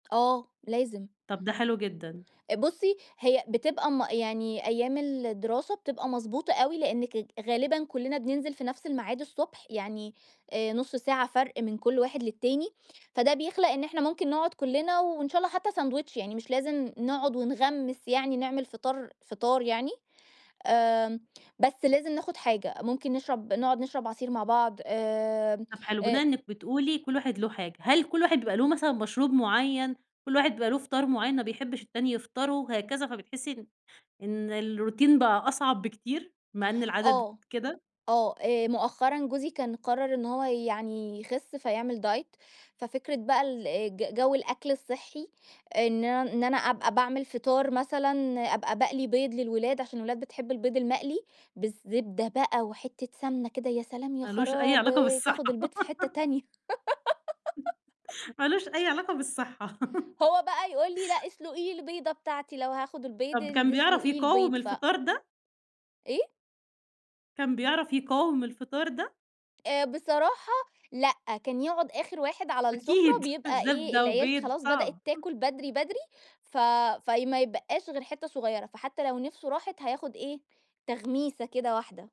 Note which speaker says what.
Speaker 1: آه، لازم.
Speaker 2: طب ده حلو جدًا.
Speaker 1: بُصّي هي بتبقى م يعني أيام الدراسة بتبقى مضبوطة أوي لإنّك ج غالبًا كلّنا بننزل في نفْس الميعاد الصبح، يعني آآ نُص ساعة فرْق من كلّ واحد للتاني، فده بيخلق إن إحنا ممكن نقعُد كلّنا وإن شاء الله حتّى ساندوتش، يعني مش لازم نقعُد ونغمّس يعني نعمل فطار فطار يعني، آمم بس لازم ناخد حاجة، ممكن نشرب نقعُد نشرب عصير مع بعض، آمم،
Speaker 2: طب حلو، بناءً
Speaker 1: آآ
Speaker 2: إنِّك بتقولي كلّ واحد له حاجة، هل كلّ واحد بيبقى له مثلًا مشروب معيّن، كلّ واحد بيبقى له فطار معيّن ما بيحبش التاني يفطره، هكذا فبتحسّي إن إن الروتين بقى أصعب بكتير، مع إن العدد
Speaker 1: آه،
Speaker 2: كده؟
Speaker 1: آه، آآ مؤخرًا جوزي كان قرّر إن هو يعني يخس فيعمل Diet، ففكرة بقى ال ج جو الأكل الصحّي إن ان إن أنا أبقى باعمل فطار مثلًا، أبقى باقلي بيض للولاد عشان الولاد بتحب البيض المقلي، بالزبدة بقى وحتّة سمنة كده يا سلام يا
Speaker 2: ما لوش أي علاقة
Speaker 1: خرابي،
Speaker 2: بالصحّة.
Speaker 1: بتاخد البيض في حتّة تانية.
Speaker 2: ما لوش أي علاقة بالصحّة.
Speaker 1: هو بقى يقول لي لأ اسلُقي لي البيضة بتاعتي، لو هاخد البيض
Speaker 2: طب كان
Speaker 1: الد
Speaker 2: بيعرف
Speaker 1: اسلُقي لي
Speaker 2: يقاوم
Speaker 1: البيض ف
Speaker 2: الفطار ده؟
Speaker 1: إيه؟
Speaker 2: كان بيعرف يقاوم الفطار ده؟
Speaker 1: آآ بصراحة لأ، كان يقعُد آخر واحد على السفرة
Speaker 2: أكيد
Speaker 1: بيبقى إيه،
Speaker 2: زبدة
Speaker 1: العيال ك
Speaker 2: وبيض
Speaker 1: خلاص بدأت
Speaker 2: صعب.
Speaker 1: تاكل بدري، بدري، ف في ما يتبقّاش غير حتّة صغيّرة، فحتّى لو نِفْسه راحت هياخد إيه، تغميسة كده واحدة.